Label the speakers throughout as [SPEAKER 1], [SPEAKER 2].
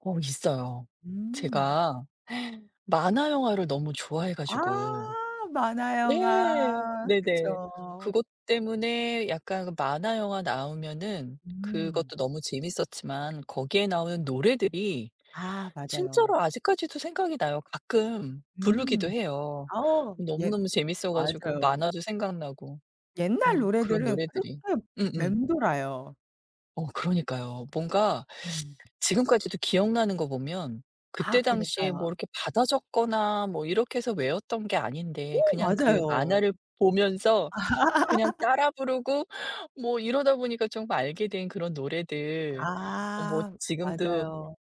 [SPEAKER 1] 어 있어요.
[SPEAKER 2] 음.
[SPEAKER 1] 제가 만화영화를 너무 좋아해
[SPEAKER 2] 아.
[SPEAKER 1] 가지고 네.
[SPEAKER 2] 만화영화
[SPEAKER 1] 네네.
[SPEAKER 2] 그쵸.
[SPEAKER 1] 그것 때문에 약간 만화영화 나오면은
[SPEAKER 2] 음.
[SPEAKER 1] 그것도 너무 재밌었지만 거기에 나오는 노래들이
[SPEAKER 2] 아 맞아요.
[SPEAKER 1] 진짜로 아직까지도 생각이 나요. 가끔 부르기도
[SPEAKER 2] 음.
[SPEAKER 1] 해요.
[SPEAKER 2] 아 예.
[SPEAKER 1] 너무너무 재밌어 가지고
[SPEAKER 2] 맞아요.
[SPEAKER 1] 만화도 생각나고 어
[SPEAKER 2] 옛날
[SPEAKER 1] 그런
[SPEAKER 2] 노래들은
[SPEAKER 1] 노래들이.
[SPEAKER 2] 그렇게
[SPEAKER 1] 음음.
[SPEAKER 2] 맴돌아요.
[SPEAKER 1] 어 그러니까요. 뭔가
[SPEAKER 2] 음.
[SPEAKER 1] 지금까지도 기억나는 거 보면
[SPEAKER 2] 아
[SPEAKER 1] 그때 당시에 뭐
[SPEAKER 2] 그니까요.
[SPEAKER 1] 이렇게 받아 적거나 뭐 이렇게 해서 외웠던 게
[SPEAKER 2] 오
[SPEAKER 1] 아닌데 그냥 그
[SPEAKER 2] 맞아요.
[SPEAKER 1] 만화를 보면서 그냥 따라 부르고 뭐 이러다 보니까 전부 알게 된 그런 노래들 어 뭐
[SPEAKER 2] 아
[SPEAKER 1] 지금도
[SPEAKER 2] 맞아요.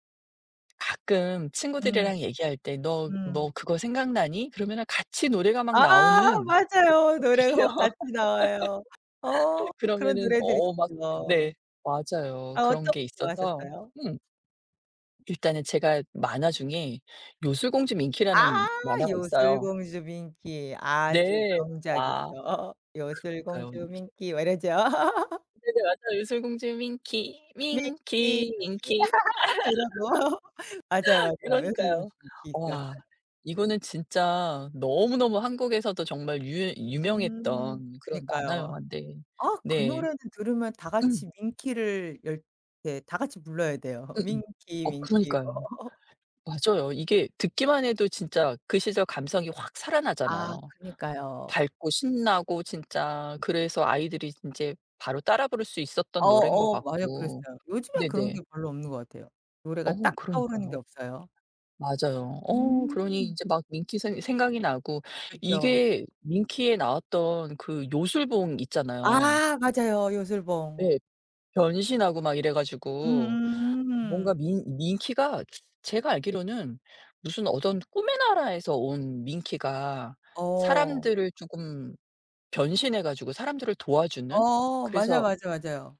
[SPEAKER 1] 가끔
[SPEAKER 2] 음
[SPEAKER 1] 친구들이랑 얘기할 때 "너 너
[SPEAKER 2] 음.
[SPEAKER 1] 그거 생각나니?" 그러면은 같이 노래가 막
[SPEAKER 2] 아
[SPEAKER 1] 나오는
[SPEAKER 2] 맞아요.
[SPEAKER 1] 어
[SPEAKER 2] 노래가
[SPEAKER 1] 드시교?
[SPEAKER 2] 막 같이 나와요. 어 그런
[SPEAKER 1] 그러면은
[SPEAKER 2] 노래들이
[SPEAKER 1] 어 막
[SPEAKER 2] 있죠.
[SPEAKER 1] 네 맞아요.
[SPEAKER 2] 아
[SPEAKER 1] 그런
[SPEAKER 2] 어떤 거
[SPEAKER 1] 게 있어서.
[SPEAKER 2] 좋아하셨어요?
[SPEAKER 1] 음. 일단은 제가 만화 중에 요술 공주
[SPEAKER 2] 아
[SPEAKER 1] 밍키라는 만화가
[SPEAKER 2] 요술
[SPEAKER 1] 있어요.
[SPEAKER 2] 공주 밍키 아주
[SPEAKER 1] 네.
[SPEAKER 2] 명작이죠.
[SPEAKER 1] 아
[SPEAKER 2] 요술
[SPEAKER 1] 그러니까요.
[SPEAKER 2] 공주 밍키 막 이러죠.
[SPEAKER 1] 네네. 맞아요. 요술 공주 밍키, 밍키,
[SPEAKER 2] 밍키,
[SPEAKER 1] 밍키 밍키,
[SPEAKER 2] 밍키
[SPEAKER 1] 밍키,
[SPEAKER 2] 딱
[SPEAKER 1] 밍키
[SPEAKER 2] 이러고. 맞아요, 맞아요. 요술공주
[SPEAKER 1] 그러니까요.
[SPEAKER 2] 밍키.
[SPEAKER 1] 와
[SPEAKER 2] [unintelligible]
[SPEAKER 1] 이거는 진짜 너무너무 한국에서도 정말 유
[SPEAKER 2] 음
[SPEAKER 1] 유명했던 그런 만화
[SPEAKER 2] 그니까요.
[SPEAKER 1] 영환데.
[SPEAKER 2] 아 그
[SPEAKER 1] 네.
[SPEAKER 2] 노래를 들으면 다
[SPEAKER 1] 음.
[SPEAKER 2] 같이 밍키를 열 네. 다 같이 불러야 돼요.
[SPEAKER 1] 으음
[SPEAKER 2] 밍키,
[SPEAKER 1] 어
[SPEAKER 2] 밍키 이거.
[SPEAKER 1] 그러니까요. 맞아요. 이게 듣기만 해도 진짜 그 시절 감성이 확
[SPEAKER 2] 아
[SPEAKER 1] 살아나잖아요.
[SPEAKER 2] 그니까요.
[SPEAKER 1] 밝고 신나고 진짜 그래서 아이들이 인제 바로 따라 부를 수 있었던
[SPEAKER 2] 어
[SPEAKER 1] 노래인 것
[SPEAKER 2] 어 맞아.
[SPEAKER 1] 같고.
[SPEAKER 2] 그랬어요. 요즘엔 그런
[SPEAKER 1] 네네.
[SPEAKER 2] 게 별로 없는 것 같아요. 노래가
[SPEAKER 1] 어
[SPEAKER 2] 딱 떠오르는 게
[SPEAKER 1] 그러니까요.
[SPEAKER 2] 없어요.
[SPEAKER 1] 맞아요 어 그러니
[SPEAKER 2] 음.
[SPEAKER 1] 이제 막 밍키 생 생각이 나고
[SPEAKER 2] 그렇죠.
[SPEAKER 1] 이게 밍키에 나왔던 그 요술봉 있잖아요.
[SPEAKER 2] 아 맞아요. 요술봉.
[SPEAKER 1] 예. 변신하고 막 이래 가지고 뭔가
[SPEAKER 2] 음음음.
[SPEAKER 1] 밍 밍키가 제가 알기로는 무슨 어떤 꿈의 나라에서 온 밍키가
[SPEAKER 2] 어.
[SPEAKER 1] 사람들을 쪼금 변신해 가지고 사람들을 도와주는
[SPEAKER 2] 어 맞아,
[SPEAKER 1] 그래서
[SPEAKER 2] 맞아, 맞아요.